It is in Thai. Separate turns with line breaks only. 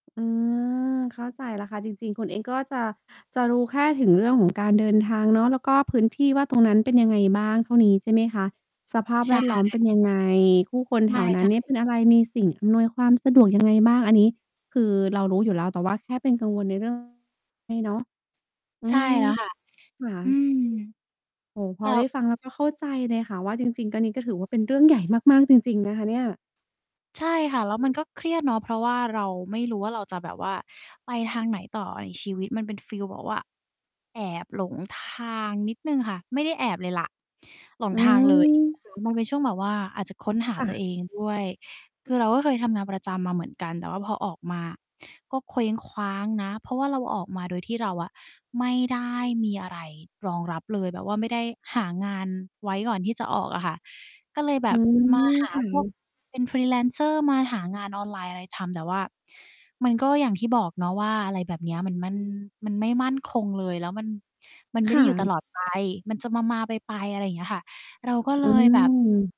อืม เข้าใจแล้วค่ะ จริง ๆ คุณเองก็จะ จะรู้แค่ถึงเรื่อง ของ การเดินทางเนาะ แล้วก็พื้นที่ว่าตรง นั้น เป็นยังไงบ้าง? เท่านี้ ใช่ไหมคะ สภาพ
ใช
แว
่
ดล้อมเป็นยังไง? ผู้คน แ
ไ
ถ
ม่
ว นั้นเนี่ยเป็
ช
นอะไร? มีสิ่งอำนวยความสะดวก ยังไง บ้าง? อันนี้คือเรารู้อยู่แล้ว แต่ ว่า แค่เป็นกังวลใน เรื่องนี้เนาะ อ
ใ
ื
ช่
อ
แล้วค่ะ
ค่
อื
ะ
ม
โอ้โฮ พ
แล
อ
้
ได้
ว
ฟัง แล้วก็เข้าใจเลยค่ะว่า จริง ๆ ก็ นี้ก็ถือว่า เป็นเรื่องใหญ่มาก ๆ จริง ๆ นะ คะเนี่ย
ใช่ค่ะ แล้วมันก็เครียดเนาะ เพราะว่าเราไม่รู้ว่า เราจะแบบว่า ไปทางไหนต่อ? อ ชีวิตมันเป็นฟีลแบบว่า แอบหลงทางนิดหนึ่งค่ะ ไม่ได้แอบเลยแหละ หลง
อื
ทางเลย
อ
แล้ว มันเป็นช่วงแบบว่า อาจจะค้นหา
ค่
ตัวเ
ะ
องด้วย คือเราก็เคยทำงานประจำมาเหมือนกัน แต่ว่าพอออกมาก็เคว้งคว้างนะ เพราะว่าเราออกมาโดยที่เราอะ ไม่ได้มีอะไรรองรับเลย แบบว่าไม่ได้หางานไว้ก่อนที่จะออกอะค่ะ ก็เลยแบ
อื
บ
ม
มาหา
ค่
พวก
ะ
เป็น Freelancer มาหางานออนไลน์อะไรทำ แต่ว่ามันก็อย่างที่บอกเนาะว่า อะไรแบบเนี้ย มัน มัน มันไม่มั่นคงเลย แล้วมัน มันไม
ค
่ไ
่
ด้อยู่ต
ะ
ลอด ไป มันจะมา ๆ ไป ๆ อะไรเงี้ยค่ะ เราก็
อ
เล
ื
ยแบบ
ม